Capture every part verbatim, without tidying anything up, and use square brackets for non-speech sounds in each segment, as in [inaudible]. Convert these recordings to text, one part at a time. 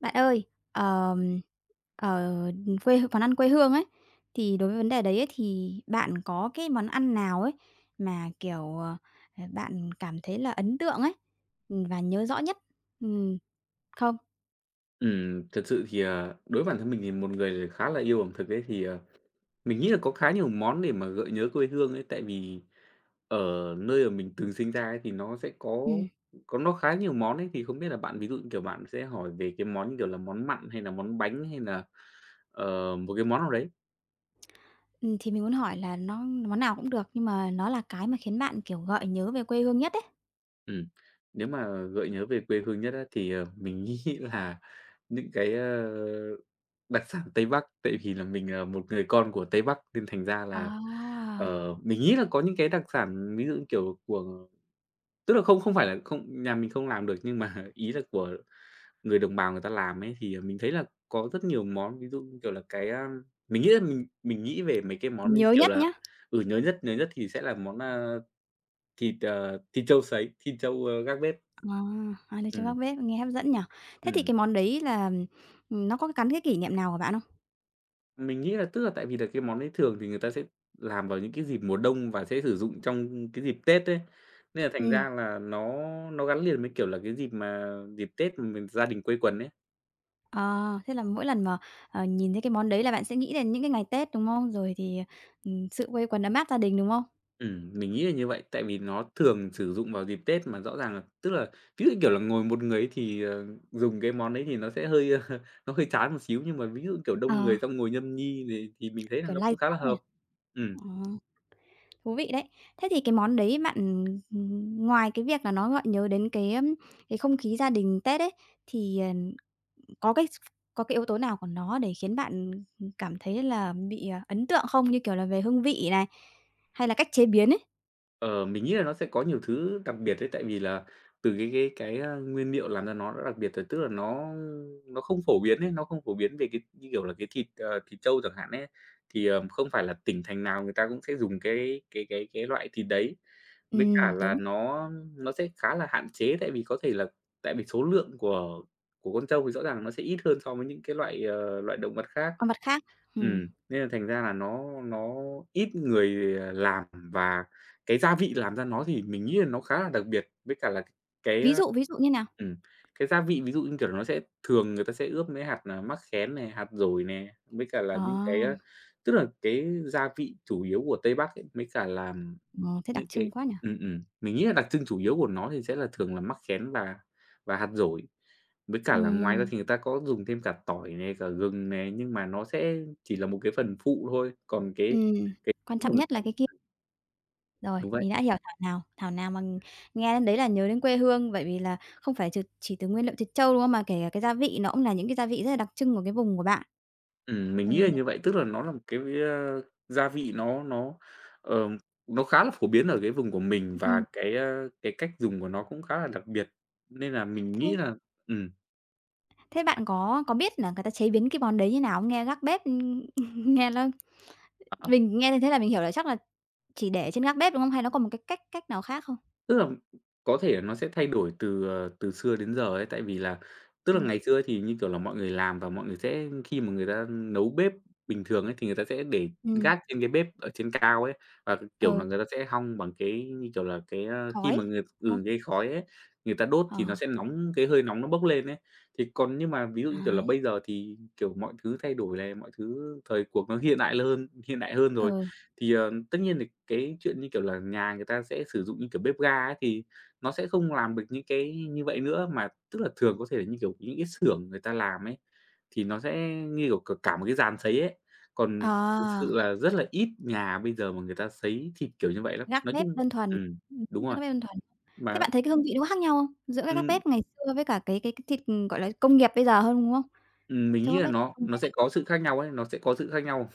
Bạn ơi, ờm, ờ, ừm, quê món ăn quê hương ấy, thì đối với vấn đề đấy ấy, thì bạn có cái món ăn nào ấy, mà, kiểu, ờ, ờ, bạn cảm thấy là ấn tượng ấy, ừm, và nhớ rõ nhất, ừm, không? Ừm, thực sự thì, à, đối với bản thân mình thì một người khá là yêu ẩm thực ấy, thì, ờ, mình nghĩ là có khá nhiều món để mà gợi nhớ quê hương ấy. Tại vì ở nơi mà mình từng sinh ra ấy, thì nó sẽ có Ừm. có nó khá nhiều món ấy, thì không biết là bạn, ví dụ như, kiểu, bạn sẽ hỏi về cái món như kiểu là món mặn, hay nà món bánh, hay nà, ờ, một cái món nào đấy? Ừm, thì mình muốn hỏi là nó món nào cũng được, nhưng mà nó là cái mà khiến bạn, kiểu, gợi nhớ về quê hương nhất ấy. Ừm. Nếu mà gợi nhớ về quê hương nhất á thì, ờ, mình nghĩ là những cái, a, đặc sản Tây Bắc. Tại vì là mình là một người con của Tây Bắc, nên thành ra là, À! ờ, mình nghĩ là có những cái đặc sản, ví dụ như, kiểu, của tức là không không phải là không nhà mình không làm được, nhưng mà ý là của người đồng bào người ta làm ấy. Thì, à, mình thấy là có rất nhiều món, ví dụ như kiểu là cái, a mình nghĩ là mình mình nghĩ về mấy cái món, như Nhớ kiểu nhất là nhá. ừ, nhớ nhất, nhớ nhất thì sẽ là món, a, thịt, ờ, thịt trâu sấy, thịt trâu, a, gác bếp. À, à, thịt trâu Ừm. gác bếp, nghe hấp dẫn nhỉ? Thế thì Ừm. cái món đấy là, ừm, nó có gắn cái kỷ niệm nào của bạn không? Mình nghĩ là tức là tại vì là cái món đấy thường thì người ta sẽ làm vào những cái dịp mùa đông, và sẽ sử dụng trong cái dịp Tết ấy, nên là thành Ừm. ra là nó nó gắn liền với, kiểu là, cái dịp mà dịp Tết mà mình gia đình quây quần ấy. À, thế là mỗi lần mà, ờ, nhìn thấy cái món đấy là bạn sẽ nghĩ đến những cái ngày Tết, đúng không? Rồi thì, ừm, sự quây quần, ấm áp gia đình, đúng không? Ừm, mình nghĩ là như vậy. Tại vì nó thường sử dụng vào dịp Tết, mà rõ ràng là tức là ví dụ, như kiểu là, ngồi một người ấy thì, ờ, dùng cái món đấy thì nó sẽ hơi nó hơi chán một xíu. Nhưng mà ví dụ, kiểu, đông Ờ. người, xong ngồi nhâm nhi này thì mình thấy là Kiểu, nó lai cũng khá là rai ấy hợp. hả? Ừm. Ừm. Thú vị đấy. Thế thì cái món đấy bạn, ừm, ngoài cái việc là nó gợi nhớ đến cái, ưm, cái không khí gia đình Tết ấy, thì, ờ, có cái s có cái yếu tố nào của nó để khiến bạn, ừm, cảm thấy là bị, à, ấn tượng không? Như kiểu là về hương vị này, hay là cách chế biến ấy? Ờ, mình nghĩ là nó sẽ có nhiều thứ đặc biệt ấy, tại vì là từ cái cái cái, a, nguyên niệu làm cho nó đã đặc biệt rồi, tức là nó nó không phổ biến ấy, nó không phổ biến về cái, như kiểu là, cái thịt, ờ, thịt trâu chẳng hạn ấy. Thì, ờ, không phải là tỉnh thành nào người ta cũng sẽ dùng cái cái cái cái loại thịt đấy. Với cả Ừm, là đúng. nó nó sẽ khá là hạn chế, tại vì có thể là tại vì số lượng của của con trâu thì rõ ràng nó sẽ ít hơn so với những cái loại, ờ, loại động vật khác, Còn mặt khác? Ừm. ừm, nên là thành ra là nó nó ít người, ờ, làm. Và cái gia vị làm ra nó thì mình nghĩ là nó khá là đặc biệt, với cả là c cái, Ví ơ dụ, ví dụ như nào? ừm, cái gia vị, ví dụ như, kiểu là, nó sẽ thường người ta sẽ ướp mới hạt, à, mắc khén này, hạt dổi nè, với cả là Ờ. những cái, a, tức là cái gia vị chủ yếu của Tây Bắc ấy, mới cả là Ờ, thế đặc những trưng cái quá nhỉ? ừm, ừm, mình nghĩ nà đặc trưng chủ yếu của nó thì sẽ là thường là mắc khén và và hạt dổi. Với cả là ngoài ra Ừm. thì người ta có dùng thêm cả tỏi này, cả gừng này, nhưng mà nó sẽ chỉ là một cái phần phụ thôi, còn cái Ừm, cái quan trọng nhất là cái kia. [unintelligible] Rồi, Đúng vậy. mình đã hiểu, thảo nào thảo nào mà nghe đến đấy là nhớ đến quê hương, bởi vì là không phải chừ chỉ từ nguyên liệu thịt trâu, đúng không? Mà kể cả cái gia vị nó cũng là những cái gia vị rất là đặc trưng của cái vùng của bạn. Ừm, mình nghĩ là Ừ. như vậy, tức là nó là một cái, ờ, gia vị nó nó, ờm, nó khá là phổ biến ở cái vùng của mình, và Ừm. cái, ơ, cái cách dùng của nó cũng khá là đặc biệt nên là mình Thế nghĩ là ừm. Thế bạn có có biết là người ta chế biến cái món đấy như nào không? Nghe gác bếp, ưm, [laughs] nghe nó Ờ. mình nghe như thế là mình hiểu là chắc là chỉ để trên gác bếp, đúng không? Hay nó còn một cái cách cách nào khác không? Tức là có thể nó sẽ thay đổi từ, ờ, từ xưa đến giờ ấy, tại vì là, tức là, Ừm. ngày xưa thì như kiểu là mọi người làm và mọi người sẽ khi mà người ta nấu bếp bình thường ấy, thì người ta sẽ để Ừm. gác trên cái bếp ở trên cao ấy, và, kiểu là, Ừ. người ta sẽ hong bằng cái, như kiểu là, cái, a, khi Khói, mà người đúng không? ừ, cái khói ấy, người ta đốt thì nó Ờ. sẽ nóng, cái hơi nóng nó bốc lên ấy. Thì còn nhưng mà ví dụ như kiểu là À! bây giờ thì kiểu mọi thứ thay đổi này, mọi thứ thời cuộc nó hiện đại lơn hiện đại hơn rồi, Ờ. thì, ờ, tất nhiên thì cái chuyện như kiểu là nhà người ta sẽ sử dụng như kiểu bếp ga ấy thì nó sẽ không làm được những cái như vậy nữa, mà tức là thường có thể là như kiểu những cái xưởng người ta làm ấy, thì nó sẽ như kiểu c cả một cái dàn sấy ấy. Còn thực sự À! là rất là ít nhà bây giờ mà người ta sấy thịt kiểu như vậy lắm. Gác Nói bếp chung đơn thuần, ừm, ừm đúng [unintelligible] gác rồi. bếp đơn thuần. Thế Mà bạn thấy cái hương vị nó có khác nhau không? Giữa cái gác Ừm. bếp ngày xưa với cả cái cái thịt, gọi là, công nghiệp bây giờ hơn, đúng không? Ừm mình Trâu nghĩ gác là bếp, nó ừm. nó sẽ có sự khác nhau ấy nó sẽ có sự khác nhau.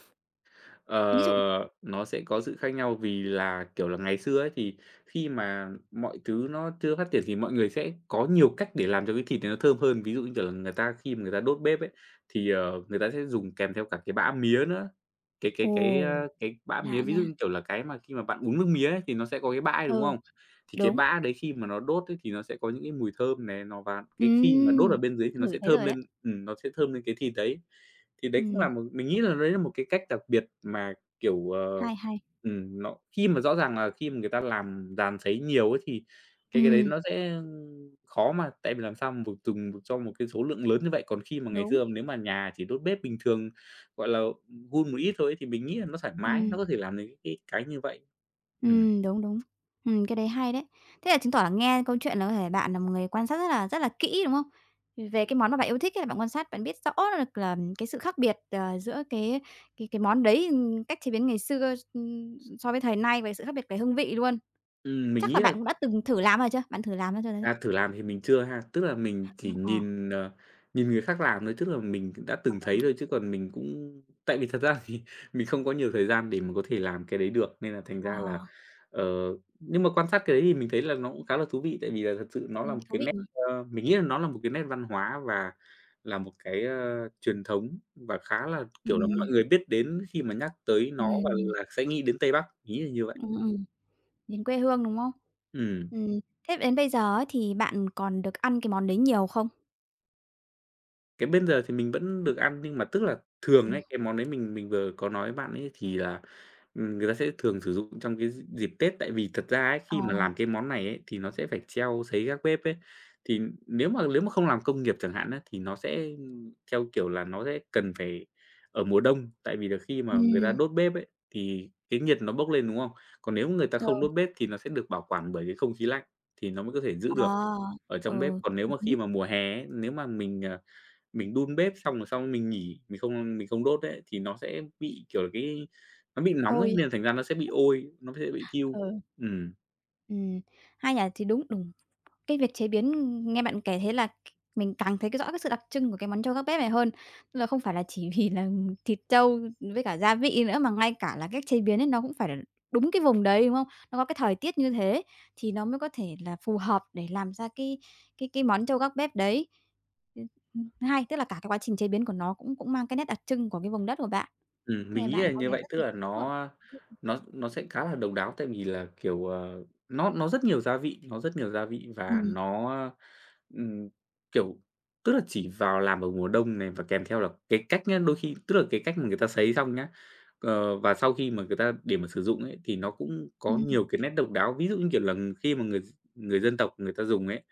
Ví dụ? Ờ, nó sẽ có sự khác nhau vì là, kiểu là, ngày xưa ấy thì khi mà mọi thứ nó chưa phát triển thì mọi người sẽ có nhiều cách để làm cho cái thịt này nó thơm hơn. Ví dụ như, kiểu là, người ta khi mà người ta đốt bếp ấy, thì, ờ, người ta sẽ dùng kèm theo cả cái bã mía nữa. Cái cái cái, a, Ồ, cái bã lạ mía, ví dụ nha! như kiểu là cái mà khi mà bạn uống nước mía ấy thì nó sẽ có cái bã ấy, đúng Ờ, không? Thì cái đúng. bã đấy khi mà nó đốt ấy thì nó sẽ có những cái mùi thơm này, nó và cái khi mà đốt ở Ừm, bên dưới thì nó ngửi sẽ thấy thơm rồi đấy. lên ừm, nó sẽ thơm lên cái thịt đấy. Thì đấy cũng là Ừm. một mình nghĩ là đấy là một cái cách đặc biệt mà, kiểu, ờ, Hay, hay! ừm, nó khi mà rõ ràng là khi mà người ta làm dàn sấy nhiều ấy thì cái cái đấy Ừm. nó sẽ khó mà tại vì làm sao mà dùng được cho một cái số lượng lớn như vậy. Còn khi mà ngày Đúng. xưa nếu mà nhà chỉ đốt bếp bình thường gọi là hun một ít thôi thì mình nghĩ là nó thoải mái, nó Ừm. có thể làm được cái cái như vậy. Ừm. Ừm, đúng, đúng. Ừm, cái đấy hay đấy! Thế là chứng tỏ là nghe câu chuyện là có thể bạn là một người quan sát rất là rất là kỹ, đúng không? Về Ừm. cái món mà bạn yêu thích ấy là bạn quan sát, bạn biết rõ được là cái sự khác biệt, à, giữa cái cái cái món đấy, ừm, cách chế biến ngày xưa s ừm, so với thời nay về sự khác biệt về hương vị luôn. Ừm, mình Chắc là nghĩ là bạn cũng đã từng thử làm bao giờ chưa? Bạn thử làm nó bao giờ chưa? À, thử làm thì mình chưa ha. Tức là mình chỉ Ưm, ờ. nhìn, ờ, nhìn người khác làm thôi, tức là mình cũng đã Ờ. từng thấy thôi chứ còn mình cũng tại vì thật ra thì mình không có nhiều thời gian để mà có thể làm cái đấy được, nên là thành ra là, Ờ. ờ nhưng mà quan sát cái đấy thì mình thấy là nó cũng khá là thú vị, tại vì là thật sự nó là Ừm, một thú cái vị nét, mà. ơ, mình nghĩ nó là một cái nét văn hóa và là một cái, ờ, truyền thống và khá là, kiểu là, muốn mọi Ừm. người biết đến khi mà nhắc tới nó và Ừm. là sẽ nghĩ đến Tây Bắc, mình nghĩ là như vậy. Ừm, ừm, đến quê hương, đúng không? Ừm. Ừm, thế đến bây giờ ấy thì bạn còn được ăn cái món đấy nhiều không? Cái bây giờ thì mình vẫn được ăn nhưng mà tức là thường Ừm. ấy, cái món đấy mình mình vừa có nói với bạn ấy thì là, ừm, người ta sẽ thường sử dụng trong cái d dịp Tết, tại vì thật ra ấy, Ờ. khi mà làm cái món này ấy thì nó sẽ phải treo sấy gác bếp ấy. Thì nếu mà lếu mà không làm công nghiệp chẳng hạn á thì nó sẽ, ưm, theo kiểu là nó sẽ cần phải ở mùa đông, tại vì là khi mà người ta Ừm. đốt bếp ấy, thì cái nhiệt nó bốc lên, đúng không? Còn nếu người ta Ừ. không đốt bếp thì nó sẽ được bảo quản bởi cái không khí lạnh thì nó mới có thể giữ À. được ở trong bếp. Ừ. Còn nếu Hợp mà khi lý. mà mùa hè ấy, nếu mà mình, ờ, mình đun bếp xong rồi xong mình nghỉ, mình không mình không đốt ấy, thì nó sẽ bị, kiểu, cái nó bị nóng ấy Ôi. nên là thành ra nó sẽ bị ôi, nó sẽ bị thiu. Ừ. Ừm. Ừm. Hay nhỉ, thì đúng đùng cái việc chế biến, nghe bạn kể thấy là mình càng thấy rõ cái sự đặc trưng của cái món trâu gác bếp này hơn. Nên là không phải là chỉ vì là thịt trâu với cả gia vị nữa, mà ngay cả là cách chế biến ấy nó cũng phải là đúng cái vùng đấy, đúng hông? Nó có cái thời tiết như thế thì nó mới có thể là phù hợp để làm ra cái cái cái món trâu gác bếp đấy. Ưm. Ừm, thứ hai, tức là cả cái quá trình chế biến của nó cũng cũng mang cái nét đặc trưng của cái vùng đất của bạn. Ừm, Thế mình là nghĩ bạn là có như vẻ vậy, tức rất là nó, a, [unintelligible] nó nó sẽ khá là độc đáo tại vì là, kiểu, ờ, nó nó rất nhiều gia vị, nó rất nhiều gia vị và Ừm. nó, a, ừm, kiểu, tức là chỉ vào làm vào mùa đông này và kèm theo là cái cách nhá, đôi khi tức là cái cách mà người ta sấy xong nhá. Ờ, và sau khi mà người ta để mà sử dụng ấy thì nó cũng có Ừm. nhiều cái nét độc đáo, ví dụ, như kiểu là, khi mà người v người dân tộc người ta dùng ấy,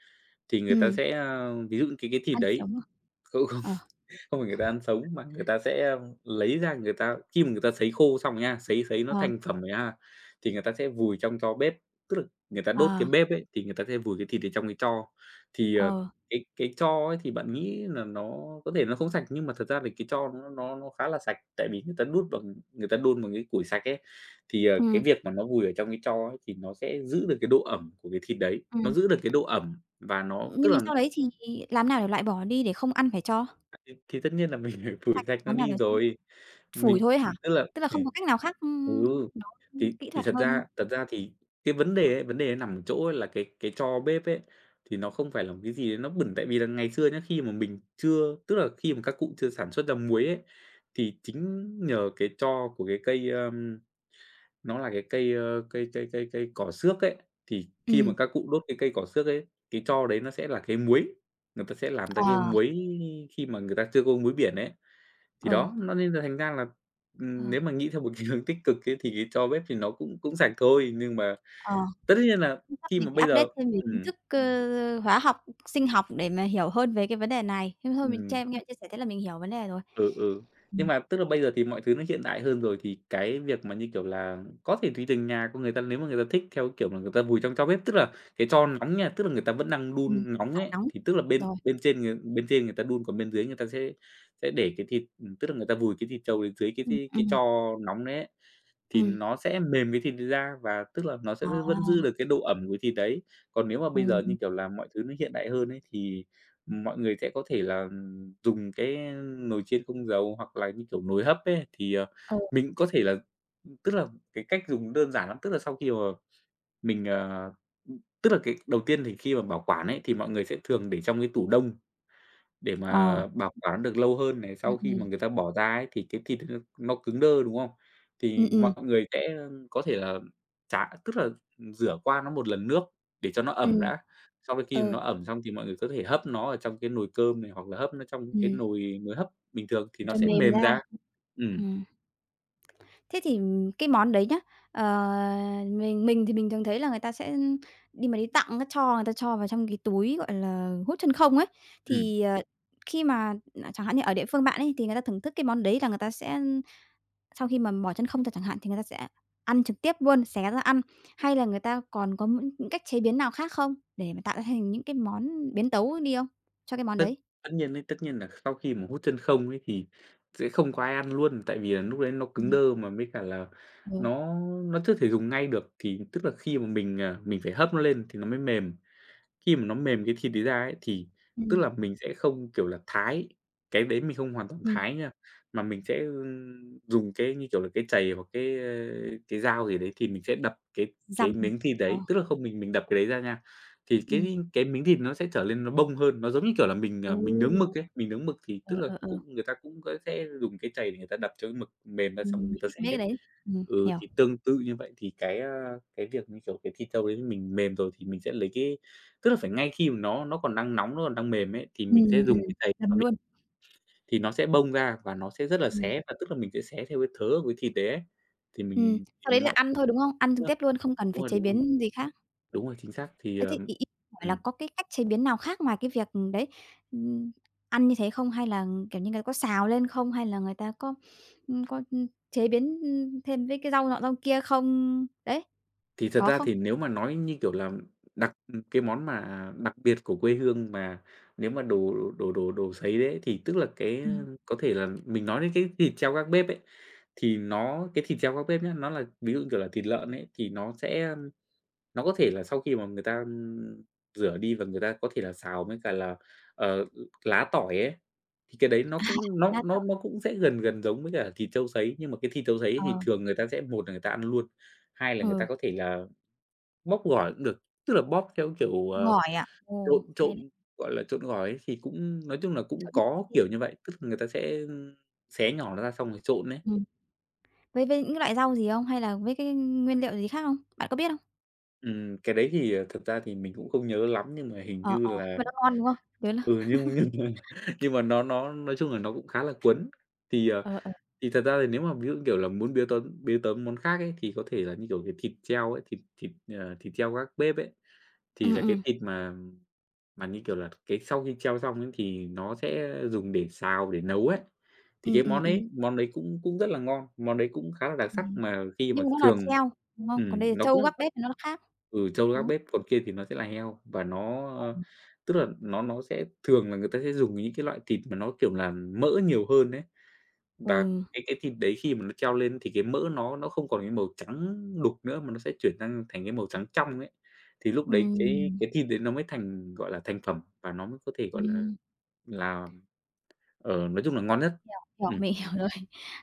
thì người ta Ừm. sẽ, a, ví dụ như cái cái thịt Ăn đấy sống à? không, không Ờ. [chuckles] không phải người ta ăn sống mà người ta sẽ, a, lấy ra người ta khi mà người ta sấy khô xong rồi nha, sấy sấy nó Ờ. thành phẩm rồi ha, thì người ta sẽ vùi trong tro bếp, tức là người ta đốt cái À. bếp ấy thì người ta sẽ vùi cái thịt ở trong cái tro. Thì, ờ, Ừ. cái cái tro ấy thì bạn nghĩ là nó có thể nó không sạch, nhưng mà thật ra thì cái tro nó nó nó khá là sạch tại vì người ta đốt bằng người ta đun bằng cái củi sạch ấy. Thì, ờ, Ừm. cái việc mà nó vùi ở trong cái tro ấy thì nó sẽ giữ được cái độ ẩm của cái thịt đấy, nó Ừm. giữ được cái độ ẩm và nó Ưm, nhưng tức mà là sau đấy thì làm thế nào để lại bỏ đi để không ăn phải tro? À, [unintelligible] thì tất nhiên là mình, ờ, phủi [unintelligible] rạch nó Làm thế nào đi để cho rồi. phủi Mình thôi ấy hả? tức là Tức là không thì có cách nào khác, ừ. ưm, nó Thì kỹ thì thuật thật hơn. ra thật ra thì cái vấn đề ấy ,vấn đề nằm ở chỗ là cái cái tro bếp ấy, thì nó không phải là một cái gì đấy nó bẩn tại vì là ngày xưa nhá, khi mà mình chưa tức là khi mà các cụ chưa sản xuất ra muối ấy, thì chính nhờ cái tro của cái cây, ơ, nó là cái cây, ơ, cây cây cây cây cỏ xước ấy, thì khi mà Ừm. các cụ đốt cái cây cỏ xước ấy, cái tro đấy nó sẽ là cái muối, người ta sẽ làm ra cái Ờ. muối khi mà người ta chưa có muối biển ấy. Thì Ừ. đó, nó nên là thành ra là, Ờ. ừm, nếu mà nghĩ theo một cái hướng tích cực ấy thì cái tro bếp thì nó cũng cũng sạch thôi, nhưng mà Ờ. tất nhiên là Chắc khi mình mà bây phải update giờ thêm về kiến ừm. thức, ơ, hóa học, sinh học để mà hiểu hơn về cái vấn đề này. Thế thôi mình Ừm. che nghe chia sẻ thế là mình hiểu vấn đề rồi. Ừ, ừ. Nhưng Ừm. mà tức là bây giờ thì mọi thứ nó hiện đại hơn rồi thì cái việc mà, như kiểu là, có thể tùy từng nhà của người ta. Nếu mà người ta thích theo cái kiểu là người ta vùi trong tro bếp, tức là cái tro nóng nha, tức là người ta vẫn đang Ừm. đun nóng À, ấy, nóng. thì tức là bên Rồi. bên trên người ta bên trên người ta đun còn bên dưới người ta sẽ sẽ để cái thịt, ừm, tức là người ta vùi cái thịt trâu dưới cái Ừm, cái tro ừm. nóng đấy ấy, thì Ừm. nó sẽ mềm cái thịt đấy ra và tức là nó sẽ v vẫn giữ À. được cái độ ẩm của thịt đấy. Còn nếu mà bây giờ, Ừm. như kiểu là, mọi thứ nó hiện đại hơn ấy thì, ừm, mọi người sẽ có thể là dùng cái nồi chiên không dầu, hoặc là, như kiểu, nồi hấp ấy, thì, ờ, Ừ. mình có thể là ừm, tức là cái cách dùng đơn giản lắm, tức là sau khi mà mình, à, ừm tức là cái đầu tiên thì khi mà bảo quản ấy thì mọi người sẽ thường để trong cái tủ đông để Ờ. mà bảo quản được lâu hơn này. Sau Ừm, khi mà ừm. người ta bỏ ra ấy thì cái thịt nó nó cứng đơ, đúng không? Ừm, Thì mọi ừm. người sẽ có thể là trả tức là ừm, rửa qua nó một lần nước để cho nó ẩm Ừm. đã, xong đến khi mà Ừ. nó ẩm xong thì mọi người có thể hấp nó ở trong cái nồi cơm này hoặc là hấp nó trong cái Ừm. nồi nồi hấp bình thường thì nó Cho sẽ mềm mềm ra. ra. Ừm. Ừm. Thế thì cái món đấy nhá, ờ, mình mình thì mình thường thấy là người ta sẽ đi mà đi tặng, a, cho người ta cho vào trong cái túi, gọi là, hút chân không ấy. Ừm. Thì, ờ, khi mà, ừm, chẳng hạn như ở địa phương bạn ấy thì người ta thưởng thức cái món đấy là người ta sẽ, ưm, sau khi mà mở chân không ra chẳng hạn thì người ta sẽ ăn trực tiếp luôn, xé ra ăn, hay là người ta còn có những cách chế biến nào khác không để mà tạo ra thành những cái món biến tấu đi hông cho cái món Tất đấy? tất nhiên ấy, tất nhiên là sau khi mà hút chân không ấy thì sẽ không có ai ăn luôn, tại vì là lúc đấy nó cứng Ừm. đơ mà với cả là Ừ. nó nó chưa thể dùng ngay được thì tức là khi mà mình, à, mình phải hấp nó lên thì nó mới mềm. Khi mà nó mềm cái thịt đấy ra ấy thì tức Ừm. là mình sẽ không, kiểu là, thái, cái đấy mình không hoàn toàn Ừm. thái nha, mà mình sẽ, ưm, dùng cái, như kiểu là, cái chày hoặc cái, ơ, cái dao gì đấy thì mình sẽ đập cái cái Dằm. Ừm. miếng thì Ờ. đấy, tức là không mình mình đập cái đấy ra nha. Thì Ừm. cái cái miếng thịt nó sẽ trở lên nó bong hơn, nó giống như kiểu là mình, Ồ! à, mình nướng mực ấy, mình nướng mực thì Ờ, tức là ờ, ờ. cũng người ta cũng, ơ, sẽ dùng cái chày để người ta đặt cho cái mực mềm ra, xong rồi Ừm, người ta [unintelligible] xé. mấy cái đấy. Ừm, Ừ, hiểu. thì tương tự như vậy thì cái, a, cái việc như kiểu cái thịt trâu đấy mình mềm rồi thì mình sẽ lấy cái tức là phải ngay khi mà nó nó còn đang nóng, nó còn đang mềm ấy thì Ừm, mình sẽ ừm, dùng ừm, cái chày mà dằm mình luôn. thì nó sẽ bong ra và nó sẽ rất là Ừm. xé và tức là mình sẽ xé theo cái thớ của cái thịt đấy ấy. Thì Ừm. mình, Sau đấy ừm, là mọi ăn thôi, đúng không? Ăn trực [unintelligible] tiếp luôn, không cần đúng phải rồi, chế đúng rồi. biến gì khác. Đúng rồi, chính xác, thì Ơ, ờ thế y y hỏi là ừm. có cái cách chế biến nào khác ngoài cái việc, ừm, đấy, ừm, ăn như thế không? Hay là kiểu như người ta có xào lên không? Hay là người ta có, ưm, có, ưm, chế biến, ưm, thêm với cái rau nọ rau kia không? Đấy. Thì thật Có ra không? thì nếu mà nói, như kiểu là, đặt cái món mà đặc biệt của quê hương mà nếu mà đồ đồ đồ đồ sấy đấy, thì tức là cái, a, Ừm. có thể là mình nói đến cái thịt treo gác bếp ấy, thì nó cái thịt treo gác bếp nhá, nó là ví dụ, như kiểu là, thịt lợn ấy, thì nó sẽ, a nó có thể là sau khi mà người ta, ưm, rửa đi và người ta có thể là xào với cả là, ờ, lá tỏi ấy. Thì cái đấy nó [laughs] cũng nó nó [unintelligible] nó cũng sẽ gần gần giống với cả thịt trâu sấy, nhưng mà cái thịt trâu sấy thì Ờ. thường người ta sẽ một là người ta ăn luôn, hai là người ta Ừ. có thể là bóp gỏi cũng được, tức là bóp theo kiểu, ờ, Gỏi à? Ồ. trộn Hay trộn, đấy. gọi là, trộn gỏi ấy thì cũng nói chung là cũng có [unintelligible] kiểu như vậy, tức là người ta sẽ, ưm, xé nhỏ nó ra xong rồi trộn ấy. Ừm. Với với những cái loại rau gì hông, hay là với cái, ưm, nguyên liệu gì khác không? Bạn có biết hông? Ừm, cái đấy thì, ờ, thực ra thì mình cũng không nhớ lắm nhưng mà hình Ờ, như ờ, nhưng là mà nó ngon, đúng không? Với là ừ, nhưng [laughs] nhưng mà nhưng mà nó nó nói chung là nó cũng khá là cấn. Thì, ờ, Ờ, ờ. thì thật ra thì nếu mà ví dụ như, kiểu là, muốn biến tấm biến tấm món khác ấy, thì có thể là như kiểu, ờ, thịt treo ấy, thịt thịt, ờ, thịt treo gác bếp ấy, thì Ừm, là cái ừm. thịt mà mà như kiểu là, cái sau khi treo xong ấy thì nó sẽ dùng để xào, để nấu ấy. Thì cái Ừm, ừm, món ừm. đấy món đấy cũng cũng rất là ngon, món đấy cũng khá là đặc sắc Ừm, mà khi mà nhưng mà nó là thường treo, đúng không? Còn ừm, đây là nó trâu cũng gác bếp thì nó nó khác, ừ, trâu đấy. gác bếp, còn kia thì nó sẽ là heo và nó, ơ Ừm. tức là nó nó sẽ thường là người ta sẽ dùng những cái loại thịt mà nó, kiểu là, mỡ nhiều hơn ấy. Và Ừ. cái cái thịt đấy khi mà nó treo lên thì cái mỡ nó nó không còn cái màu trắng đục nữa mà nó sẽ chuyển sang thành cái màu trắng trong ấy. Thì lúc đấy cái Ừm. cái thịt đấy nó mới thành, gọi là, thành phẩm và nó mới có thể, gọi Ừm. là-là, ờ, nói chung là ngon nhất. Yeah, òa, Ừm. mình hiểu rồi.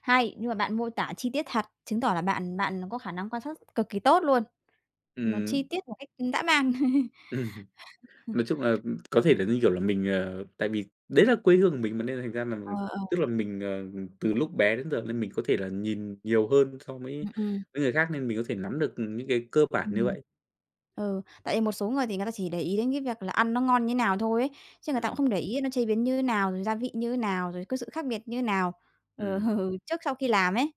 Hay, nhưng mà bạn mô tả chi tiết thật, chứng tỏ là bạn bạn có khả năng quan sát cực kỳ tốt luôn. Nó Ừm. chi tiết một cách, ưm, dã man. [laughs] [laughs] Ừm. Nói chung là có thể là, như kiểu là, mình ờ tại vì đấy là quê hương của mình mà nên thành ra là Ờ, ờ. tức là mình, ờ, từ lúc bé đến giờ nên mình có thể là nhìn nhiều hơn so với Ừm, ừm. người khác, nên mình có thể nắm được, ừm, những cái cơ bản như Ừm. vậy. Ừ, tại vì một số người thì người ta chỉ để ý đến cái việc là ăn nó ngon như nào thôi ấy. Chứ người ta cũng Ừm. không để ý nó chế biến như nào? Rồi gia vị như nào? Rồi có sự khác biệt như nào, ờ, Ừm. trước sau khi làm ấy.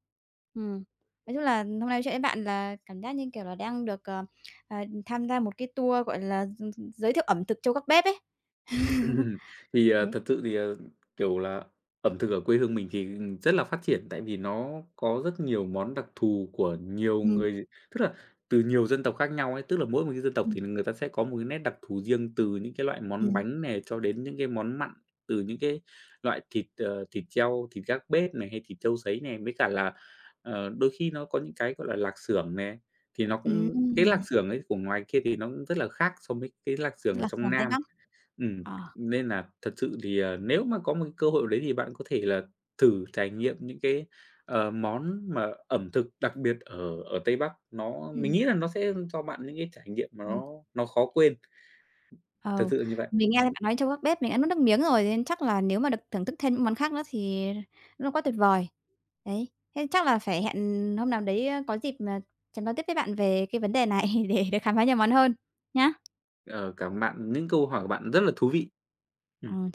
Ừm. Nói chung là hôm nay nói chuyện với bạn là cảm giác như, kiểu là, đang được, ờ, ờ, tham gia một cái tour, gọi là, gi gi giới thiệu ẩm thực trâu gác bếp ấy. [laughs] [chuckles] Thì, à, Đấy. thật sự thì, ờ, kiểu là, ẩm thực ở quê hương mình thì rất là phát triển, tại vì nó có rất nhiều món đặc thù của nhiều Ừm. người tức là từ nhiều dân tộc khác nhau ấy. Tức là mỗi một cái dân tộc Ừm. thì người ta sẽ có một cái nét đặc thù riêng từ những cái loại món Ừm. bánh này cho đến những cái món mặn, từ những cái loại thịt, ờ, thịt treo, thịt gác bếp này hay thịt trâu sấy này, với cả là, ờ, đôi khi nó có những cái, gọi là, lạc xưởng nè, thì nó cũng cái lạc Ừm. xưởng ấy của ngoài kia thì nó cũng rất là khác so với cái lạc xưởng ở Lạp trong xưởng Tây Nam. Bắc. Ừm, Ờ. nên nà thật sự thì, ờ, nếu mà có một cái cơ hội nào đấy thì bạn có thể là thử trải nghiệm những cái, ờ, món mà ẩm thực đặc biệt ở ở Tây Bắc, nó mình Ừm. nghĩ là nó sẽ cho bạn những cái trải nghiệm Ờ. nó nó khó quên. Thật Ờ, sự là như vậy. mình nghe thấy bạn nói trâu gác bếp mình đã nuốt nước miếng rồi, nên chắc là cái nếu mà được thưởng thức thêm những món khác nữa thì nó quá tuyệt vời. Đấy, thế chắc phải hẹn hôm nào đấy, ơ, có dịp, ờ, sẽ nói tiếp với bạn về cái vấn đề này, để được khám phá nhiều món hơn, nhá. Ờ, cảm ơn bạn, những câu hỏi của bạn rất là thú vị. Ừm. Ờ.